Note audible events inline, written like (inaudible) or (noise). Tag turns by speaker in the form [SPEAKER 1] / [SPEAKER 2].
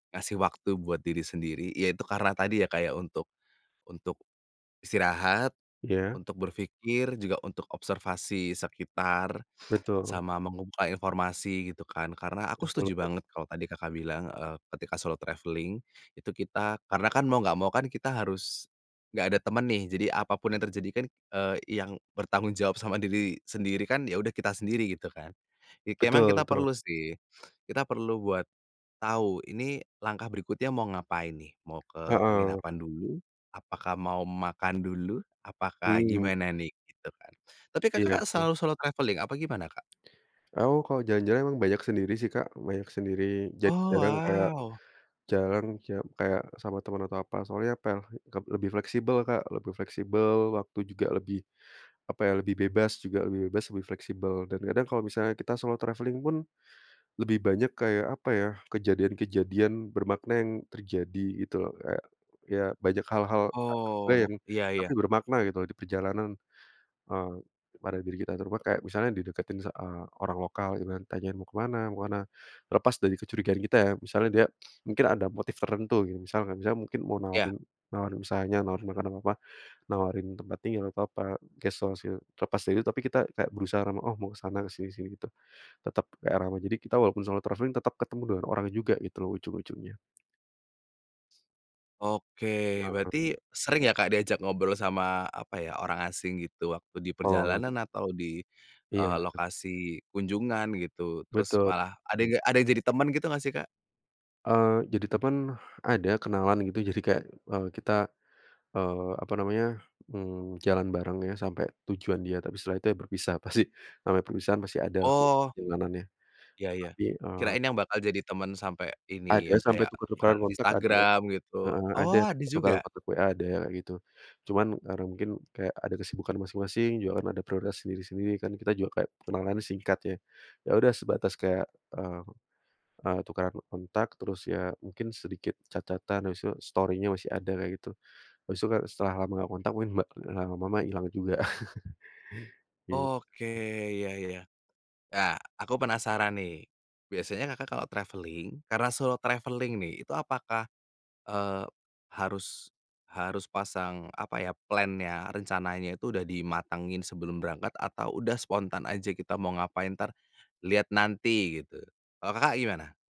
[SPEAKER 1] Ngasih waktu buat diri sendiri, ya itu karena tadi ya, kayak untuk untuk istirahat,
[SPEAKER 2] Iya.
[SPEAKER 1] untuk berpikir, juga untuk observasi sekitar,
[SPEAKER 2] Betul.
[SPEAKER 1] sama men-supply informasi gitu kan. Karena aku
[SPEAKER 2] Betul
[SPEAKER 1] setuju
[SPEAKER 2] betul.
[SPEAKER 1] banget kalau tadi Kakak, bilang, eee, ketika solo traveling itu kita karena kan mau enggak mau kan kita harus enggak ada teman nih, jadi apa pun yang terjadi kan, eee, yang bertanggung jawab sama diri sendiri kan, ya udah kita sendiri gitu kan. Memang
[SPEAKER 2] Betul
[SPEAKER 1] kita
[SPEAKER 2] betul.
[SPEAKER 1] perlu sih, kita perlu buat tahu ini langkah berikutnya mau ngapain nih, mau ke
[SPEAKER 2] Heeh.
[SPEAKER 1] penginapan dulu, apakah mau makan dulu, apakah
[SPEAKER 2] Hmm.
[SPEAKER 1] gimana nih, gitu kan. Tapi
[SPEAKER 2] Iya,
[SPEAKER 1] Kakak,
[SPEAKER 2] betul.
[SPEAKER 1] selalu solo traveling apa gimana, Kak?
[SPEAKER 2] Aku, kalau jalan-jalan banyak sendiri sih, Kak, banyak sendiri. Jadi,
[SPEAKER 1] Oh,
[SPEAKER 2] jarang kayak
[SPEAKER 1] wow.
[SPEAKER 2] jalan kayak kayak sama teman atau apa, soalnya pe lebih fleksibel, Kak, lebih fleksibel waktu juga, lebih apa ya, lebih bebas juga, lebih bebas, lebih fleksibel. Dan kadang kalau misalnya kita solo traveling pun lebih banyak kayak, apa ya, kejadian-kejadian bermakna yang terjadi, gitu loh. Kayak ya banyak hal-hal tak terduga
[SPEAKER 1] Oh,
[SPEAKER 2] yang
[SPEAKER 1] iya
[SPEAKER 2] tapi
[SPEAKER 1] iya.
[SPEAKER 2] bermakna gitu loh di perjalanan, eee, pada diri kita. Kayak misalnya dideketin sa eee, orang lokal gitu kan, tanyain "mau ke mana, mau ke mana." Terlepas dari kecurigaan kita ya, misalnya dia mungkin ada motif tertentu misalkan, misalnya mungkin mau
[SPEAKER 1] Iya.
[SPEAKER 2] nawarin, nawarin misalnya, nawarin makanan apa-apa, nawarin tempat tinggal atau apa, guest house gitu, terlepas dari itu tapi kita kayak berusaha ramah, “oh, mau ke sana, ke sini sini,” gitu. Tetap kayak ramah, jadi kita walaupun solo traveling tetap ketemu dengan orang juga gitu loh ujung-ujungnya.
[SPEAKER 1] Oke,
[SPEAKER 2] Heeh.
[SPEAKER 1] berarti sering ya, Kak, diajak ngobrol sama, apa ya, orang asing gitu waktu di
[SPEAKER 2] Oh.
[SPEAKER 1] perjalanan atau di,
[SPEAKER 2] Iya
[SPEAKER 1] eee,
[SPEAKER 2] ya, eh.
[SPEAKER 1] lokasi kunjungan gitu. Terus
[SPEAKER 2] Betul.
[SPEAKER 1] malah ada
[SPEAKER 2] Mmm.
[SPEAKER 1] enggak ada yang jadi teman gitu enggak sih, Kak?
[SPEAKER 2] Eee, jadi teman ada, kenalan gitu. Jadi kayak, eee, kita, eee, apa namanya, mmm, jalan bareng ya sampai tujuan dia, tapi setelah itu ya berpisah pasti. Eee, namanya perpisahan pasti ada lah
[SPEAKER 1] Oh.
[SPEAKER 2] perjalanannya,
[SPEAKER 1] Iya iya.
[SPEAKER 2] tapi, eee
[SPEAKER 1] Kirain yang bakal jadi teman sampai ini, yang
[SPEAKER 2] Ada sampai
[SPEAKER 1] kayak
[SPEAKER 2] tuker-tukeran
[SPEAKER 1] tukeran
[SPEAKER 2] kontak, ada
[SPEAKER 1] Instagram gitu
[SPEAKER 2] heeh. Ada
[SPEAKER 1] oh, ada
[SPEAKER 2] tukeran
[SPEAKER 1] juga?
[SPEAKER 2] kontak WA ada gitu, cuman karena mungkin kayak ada kesibukan masing-masing juga kan, ada prioritas sendiri-sendiri kan, kita juga kayak kenalan singkat, ya. Ya udah, sebatas kayak, eee eee, tukeran kontak, terus ya mungkin sedikit chat-chat-an, habis itu Story-nya masih ada kayak gitu. Habis itu, setelah lama enggak ngontak, mungkin lama-lama hilang juga, (chuckles) gitu.
[SPEAKER 1] Oke, ya ya. Ah, aku penasaran nih. Biasanya Kakak, kalau traveling, karena solo traveling nih, itu apakah, eee, harus harus pasang, apa ya, plan-nya, rencananya itu udah dimatangin sebelum berangkat, atau udah spontan aja kita mau ngapain, ntar lihat nanti gitu, kalau Kakak, gimana?